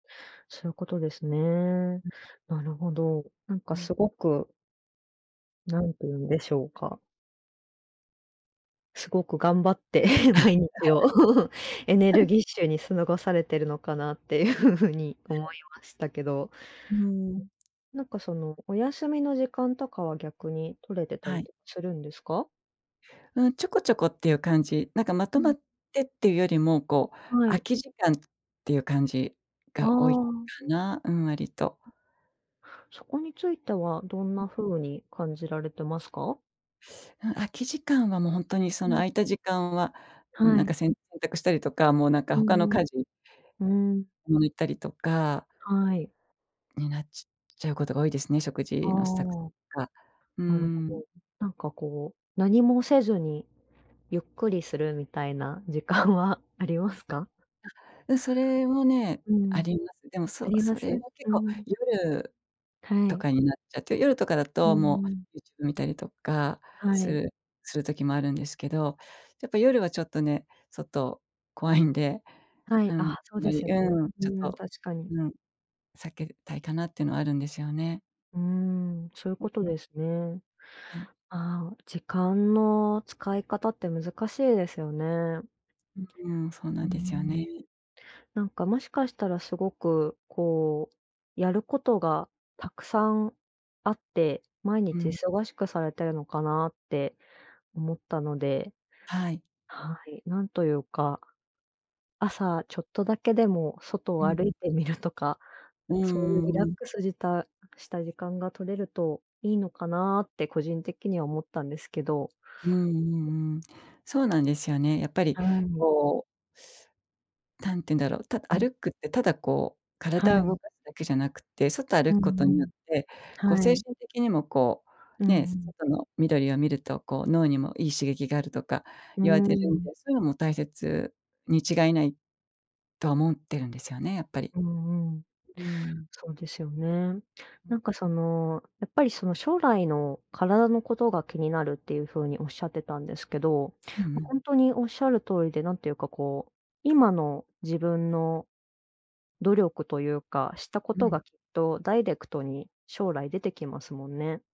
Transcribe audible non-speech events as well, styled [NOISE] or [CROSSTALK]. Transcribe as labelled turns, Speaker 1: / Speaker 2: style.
Speaker 1: そういうことですね。
Speaker 2: うん。
Speaker 1: なるほど。なん
Speaker 2: う
Speaker 1: か、
Speaker 2: ん。
Speaker 1: すごく何て言うんでしょうか。すごく頑張って毎日を
Speaker 2: [LAUGHS]
Speaker 1: エネル
Speaker 2: [LAUGHS]
Speaker 1: ギッシュにすごされているのかなっていう風に思いましたけど。
Speaker 2: うん。
Speaker 1: なんか、その、お休みの時間とかは逆に取れてた
Speaker 2: は
Speaker 1: り
Speaker 2: い。
Speaker 1: とするんですか？
Speaker 2: うん、ちょこちょこっていう感じ。なんか、まと
Speaker 1: う
Speaker 2: ま
Speaker 1: ん。
Speaker 2: ってっていうよりも、こう、
Speaker 1: は
Speaker 2: 空
Speaker 1: い。
Speaker 2: き時間っていう感じ
Speaker 1: あ
Speaker 2: が多いか
Speaker 1: あ。
Speaker 2: な？うん、割と。
Speaker 1: そこについてはどん
Speaker 2: うん。
Speaker 1: な風に感じられてますか？
Speaker 2: うん、空き時間はもうほんとに、そ
Speaker 1: う
Speaker 2: の
Speaker 1: ん。
Speaker 2: 空いた時間は、
Speaker 1: は
Speaker 2: なん
Speaker 1: い。
Speaker 2: か、洗濯したりとか、もうなんか、
Speaker 1: う
Speaker 2: 他の
Speaker 1: ん
Speaker 2: 家事
Speaker 1: うん。うーん。
Speaker 2: 向いたりとか
Speaker 1: はい。
Speaker 2: になちちゃうことが多いですね、食
Speaker 1: あ
Speaker 2: 事の支度と
Speaker 1: あ。
Speaker 2: か。うー
Speaker 1: なるほ
Speaker 2: ん。
Speaker 1: ど。なんか、こう、何もせずにゆっくりするみたいな時間はありますか？
Speaker 2: あ、うん、それもね、
Speaker 1: う
Speaker 2: あ
Speaker 1: ん。
Speaker 2: ります。でも、
Speaker 1: あ
Speaker 2: そ
Speaker 1: りま
Speaker 2: そ
Speaker 1: す？
Speaker 2: れは結
Speaker 1: う
Speaker 2: 構
Speaker 1: ん。
Speaker 2: 夜
Speaker 1: は
Speaker 2: と
Speaker 1: い。
Speaker 2: かになっちゃって、夜とかだ
Speaker 1: う
Speaker 2: と
Speaker 1: んう
Speaker 2: も
Speaker 1: ん。
Speaker 2: う YouTube 見たりとか
Speaker 1: は
Speaker 2: す
Speaker 1: い。
Speaker 2: るする時もあるんですけど、やっぱ、夜はちょっとね、外怖いんで。
Speaker 1: はい、
Speaker 2: うん、あん
Speaker 1: あ、そう
Speaker 2: ま
Speaker 1: で
Speaker 2: り
Speaker 1: すよね。
Speaker 2: うん、ちょっ
Speaker 1: うん、
Speaker 2: と
Speaker 1: 確かに。
Speaker 2: うん、避けたいかなっていうのはあるんですよね。
Speaker 1: うーん、そういう
Speaker 2: うん
Speaker 1: こと
Speaker 2: うん。
Speaker 1: ですね。
Speaker 2: はい。
Speaker 1: あ、時間の使い方って難しいですよね。
Speaker 2: うん、そう
Speaker 1: う
Speaker 2: な
Speaker 1: ー
Speaker 2: んですよね。
Speaker 1: ん。なんか、もしかしたらすごく、こう、やることがたくさんあって、毎
Speaker 2: う
Speaker 1: 日
Speaker 2: ん。
Speaker 1: 忙しくされてるのかなって思ったので。
Speaker 2: はい。
Speaker 1: はい、なんというか朝ちょっとだけでも外
Speaker 2: う
Speaker 1: を
Speaker 2: んう
Speaker 1: 歩
Speaker 2: ん。
Speaker 1: いてみるとか、
Speaker 2: う
Speaker 1: そういう
Speaker 2: んう
Speaker 1: リラ
Speaker 2: んう
Speaker 1: ッ
Speaker 2: ん。
Speaker 1: クスじたした時間が取れるといいのかなって個人的には思ったんですけど。
Speaker 2: うんうんうん。そうなんですよね。やっぱり、
Speaker 1: はい。
Speaker 2: こうたんていうんだろう、た
Speaker 1: うん。
Speaker 2: 歩くってただ、こう、
Speaker 1: は
Speaker 2: 体を動
Speaker 1: い。
Speaker 2: かすだけじゃなくって、外歩
Speaker 1: うん
Speaker 2: くこと
Speaker 1: う
Speaker 2: によっ
Speaker 1: ん、
Speaker 2: て、こう、
Speaker 1: は
Speaker 2: 精
Speaker 1: い。
Speaker 2: 神的にも、こ
Speaker 1: うんう
Speaker 2: う、ね、
Speaker 1: ん。
Speaker 2: 外の緑を見ると、こう脳にもいい刺激があるとか
Speaker 1: う
Speaker 2: 言われてるんで、
Speaker 1: ん。
Speaker 2: そういうのも大切に違いないと思ってるんですよね、やっぱり。
Speaker 1: うんうん。
Speaker 2: うん。
Speaker 1: そうですよね。
Speaker 2: う
Speaker 1: な
Speaker 2: ん。
Speaker 1: んか、その、やっぱり、その、将来の体のことが気になるっていう風におっしゃってたんですけど、
Speaker 2: うんう
Speaker 1: ま、
Speaker 2: ん。
Speaker 1: ほんとにおっしゃる通りで、何ていうか、こう、今の自分の努力というか、したこ
Speaker 2: う
Speaker 1: と
Speaker 2: ん。
Speaker 1: がきっとダイレクトに将来出てきますもんね。